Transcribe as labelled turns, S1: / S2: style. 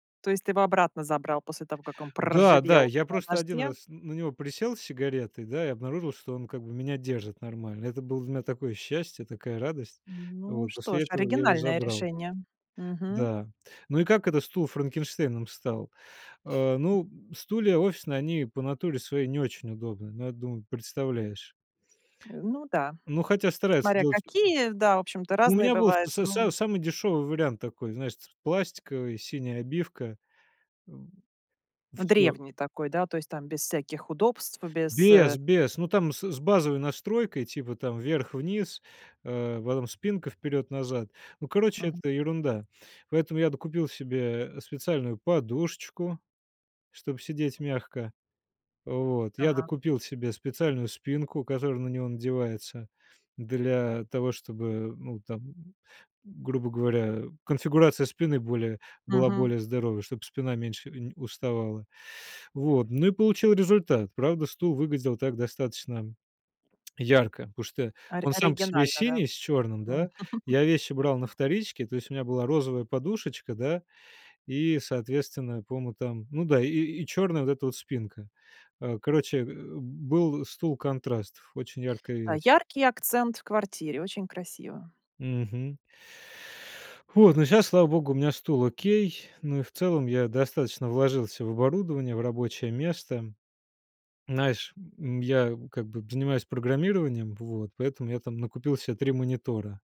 S1: То есть ты его обратно забрал после того, как он
S2: Да, да,
S1: проржавел
S2: я
S1: на
S2: просто один
S1: дожде?
S2: раз на него присел с сигаретой, да, и обнаружил, что он как бы меня держит нормально. Это было для меня такое счастье, такая радость.
S1: Ну
S2: Вот
S1: что
S2: после
S1: ж,
S2: этого я его
S1: оригинальное
S2: забрал.
S1: решение. Мгм.
S2: Да. Ну и как это стул Франкенштейном стал? А, ну, м, стулья офисные, они по натуре своей не очень удобные. Ну, я думаю, представляешь.
S1: Э, ну да,
S2: Ну, хотя стараются
S1: смотря
S2: делать у
S1: какие, да, в общем-то
S2: у
S1: разные
S2: меня был
S1: бывают,
S2: с с
S1: ну
S2: самый дешевый вариант такой. Знаешь ц пластиковый, синяя обивка, м. Всё.
S1: Древний такой, да, то есть там без всяких удобств, без, э
S2: Без, без. Ну там с с базовой настройкой. Типа там вверх-вниз, э, потом спинка вперед-назад. Ну, короче,
S1: Ага.
S2: это ерунда. Поэтому я докупил себе, э, специальную подушечку, чтобы сидеть мягко. Вот. Я
S1: Ага.
S2: докупил себе специальную спинку, которая на него надевается для того, чтобы, ну, там, м, грубо говоря, конфигурация спины более была
S1: Мгм.
S2: более здоровой, чтобы спина меньше нь уставала. Вот, ну и получил результат. Правда, стул выглядел так достаточно ярко. Потому что
S1: Ори
S2: он сам по себе
S1: оригинально, да?
S2: синий с черным,
S1: М.
S2: да. Я вещи брал на вторичке. То есть у меня была розовая подушечка, да, и, соответственно, по-моему, там. Ну да, и и черная вот эта вот спинка. А короче, э, был стул-контраст. Очень яркая
S1: А
S2: вещь.
S1: яркий акцент в квартире, очень красиво.
S2: Мгм. Вот, но сейчас, слава богу, у меня стул окей. Ну и в целом я достаточно вложился в оборудование, в рабочее место. Знаешь, м, я как бы занимаюсь программированием, вот, поэтому я там накупил себе 3 монитора.